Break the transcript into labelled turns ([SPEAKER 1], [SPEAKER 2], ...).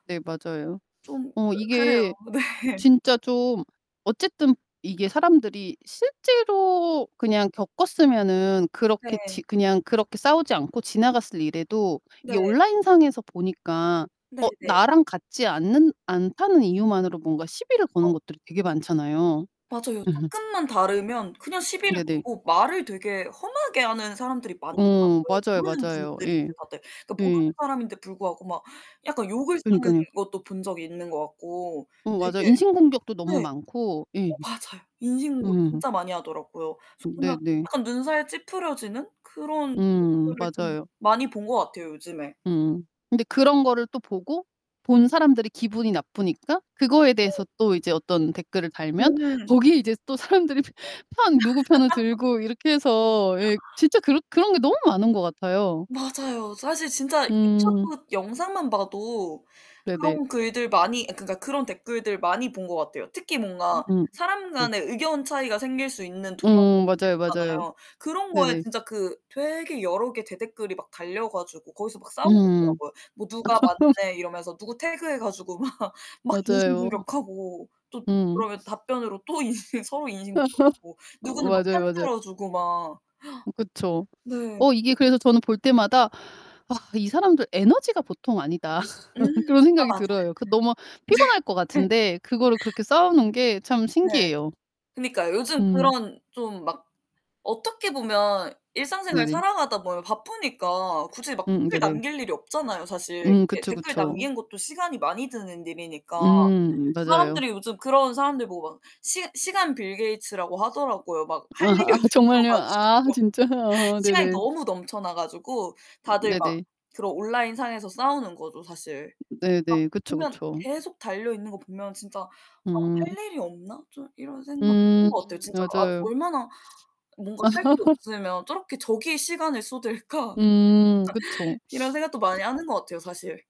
[SPEAKER 1] 네 맞아요.
[SPEAKER 2] 좀
[SPEAKER 1] 어
[SPEAKER 2] 그 그래요.
[SPEAKER 1] 이게
[SPEAKER 2] 네.
[SPEAKER 1] 진짜 좀 어쨌든 이게 사람들이 실제로 그냥 겪었으면은 그렇게 지
[SPEAKER 2] 네.
[SPEAKER 1] 그냥 그렇게 싸우지 않고 지나갔을 일에도 이게
[SPEAKER 2] 네.
[SPEAKER 1] 온라인 상에서 보니까
[SPEAKER 2] 네.
[SPEAKER 1] 어
[SPEAKER 2] 네.
[SPEAKER 1] 나랑 같지 않는 않다는 이유만으로 뭔가 시비를 거는
[SPEAKER 2] 어.
[SPEAKER 1] 것들이 되게 많잖아요.
[SPEAKER 2] 맞아요. 쪼끔만 다르면 그냥 시비를
[SPEAKER 1] 네네.
[SPEAKER 2] 걸고 말을 되게 험하게 하는 사람들이
[SPEAKER 1] 어.
[SPEAKER 2] 많더라고요,
[SPEAKER 1] 맞아요,
[SPEAKER 2] 모르는
[SPEAKER 1] 맞아요.
[SPEAKER 2] 분들인데
[SPEAKER 1] 예.
[SPEAKER 2] 다들. 그러니까 모르는
[SPEAKER 1] 예.
[SPEAKER 2] 사람인데 불구하고 막 약간 욕을 쓰는
[SPEAKER 1] 그러니깐요.
[SPEAKER 2] 것도 본 적이 있는 것 같고
[SPEAKER 1] 어
[SPEAKER 2] 되게
[SPEAKER 1] 맞아요. 인신공격도 너무
[SPEAKER 2] 네.
[SPEAKER 1] 많고.
[SPEAKER 2] 어
[SPEAKER 1] 예.
[SPEAKER 2] 맞아요. 인신공격
[SPEAKER 1] 음.
[SPEAKER 2] 진짜 많이 하더라고요.
[SPEAKER 1] 네
[SPEAKER 2] 정말
[SPEAKER 1] 네.
[SPEAKER 2] 약간 눈살 찌푸려지는 그런
[SPEAKER 1] 음.
[SPEAKER 2] 댓글을 좀
[SPEAKER 1] 맞아요.
[SPEAKER 2] 많이 본 것 같아요, 요즘에.
[SPEAKER 1] 음. 근데 그런 거를 또 보고 본 사람들이 기분이 나쁘니까 그거에
[SPEAKER 2] 네.
[SPEAKER 1] 대해서 또 이제 어떤 댓글을 달면
[SPEAKER 2] 음.
[SPEAKER 1] 거기에 이제 또 사람들이 편 누구 편을 들고 이렇게 해서 예 진짜 그런 그런 게 너무 많은 것 같아요.
[SPEAKER 2] 맞아요. 사실 진짜
[SPEAKER 1] 음.
[SPEAKER 2] 유튜브 영상만 봐도
[SPEAKER 1] 네네.
[SPEAKER 2] 그런 글들 많이 그러니까 그런 댓글들 많이 본 것 같아요. 특히 뭔가
[SPEAKER 1] 음.
[SPEAKER 2] 사람
[SPEAKER 1] 네.
[SPEAKER 2] 간의 의견 차이가 생길 수 있는 동영상들
[SPEAKER 1] 음. 맞아요, 맞아요.
[SPEAKER 2] 있잖아요. 그런 거에
[SPEAKER 1] 네네.
[SPEAKER 2] 진짜 그 되게 여러 개 대댓글이 막 달려 가지고 거기서 막 싸우고
[SPEAKER 1] 음.
[SPEAKER 2] 있더라고요. 뭐 '누가 맞네.' 이러면서 누구 태그해 가지고 막 막
[SPEAKER 1] 맞아요.
[SPEAKER 2] 인신공격하고 또
[SPEAKER 1] 음.
[SPEAKER 2] 그러면 답변으로 또 인신 서로 인신공격하고
[SPEAKER 1] 어
[SPEAKER 2] 누구는 막 편
[SPEAKER 1] 맞아요, 맞아요.
[SPEAKER 2] 들어주고 막.
[SPEAKER 1] 그쵸.
[SPEAKER 2] 네.
[SPEAKER 1] 어 이게 그래서 저는 볼 때마다 '아 이 사람들 에너지가 보통 아니다.'
[SPEAKER 2] 음.
[SPEAKER 1] 그런
[SPEAKER 2] 아
[SPEAKER 1] 생각이
[SPEAKER 2] 맞아요.
[SPEAKER 1] 들어요. 그 너무 피곤할 것
[SPEAKER 2] 네.
[SPEAKER 1] 같은데 그거를 그렇게 싸우는 게 참
[SPEAKER 2] 네.
[SPEAKER 1] 신기해요.
[SPEAKER 2] 그니까요. 요즘
[SPEAKER 1] 음.
[SPEAKER 2] 그런 좀 막 어떻게 보면 일상생활
[SPEAKER 1] 네네.
[SPEAKER 2] 살아가다 보면 바쁘니까 굳이 막
[SPEAKER 1] 음음.
[SPEAKER 2] 댓글
[SPEAKER 1] 네네.
[SPEAKER 2] 남길 일이 없잖아요, 사실.
[SPEAKER 1] 음.
[SPEAKER 2] 이렇게
[SPEAKER 1] 그쵸,
[SPEAKER 2] 댓글
[SPEAKER 1] 그쵸.
[SPEAKER 2] 남기는 것도 시간이 많이 드는 일이니까.
[SPEAKER 1] 음. 맞아요.
[SPEAKER 2] 사람들이 요즘 그런 사람들 보고 막 시 시간 빌 게이츠라고 하더라고요. 막 할 일이
[SPEAKER 1] 아
[SPEAKER 2] 없어
[SPEAKER 1] 정말요? 아
[SPEAKER 2] 가지고
[SPEAKER 1] 진짜요? 어
[SPEAKER 2] 시간이
[SPEAKER 1] 네네.
[SPEAKER 2] 너무 넘쳐나 가지고 다들 막
[SPEAKER 1] 네네.
[SPEAKER 2] 그런 온라인 상에서 싸우는 거죠, 사실.
[SPEAKER 1] 네 네.
[SPEAKER 2] 막
[SPEAKER 1] 그쵸,
[SPEAKER 2] 보면
[SPEAKER 1] 그쵸.
[SPEAKER 2] 계속 달려있는 거 보면 진짜 '어
[SPEAKER 1] 음.
[SPEAKER 2] 할 일이 없나?' 좀 이런 생각 드는
[SPEAKER 1] 음.
[SPEAKER 2] 것 같아요, 진짜. '아
[SPEAKER 1] 맞아요.
[SPEAKER 2] 얼마나 뭔가 할 게 없으면 저렇게 저기에 시간을 쏟을까?'
[SPEAKER 1] 음. 그쵸.
[SPEAKER 2] 이런 생각도 많이 하는 것 같아요, 사실.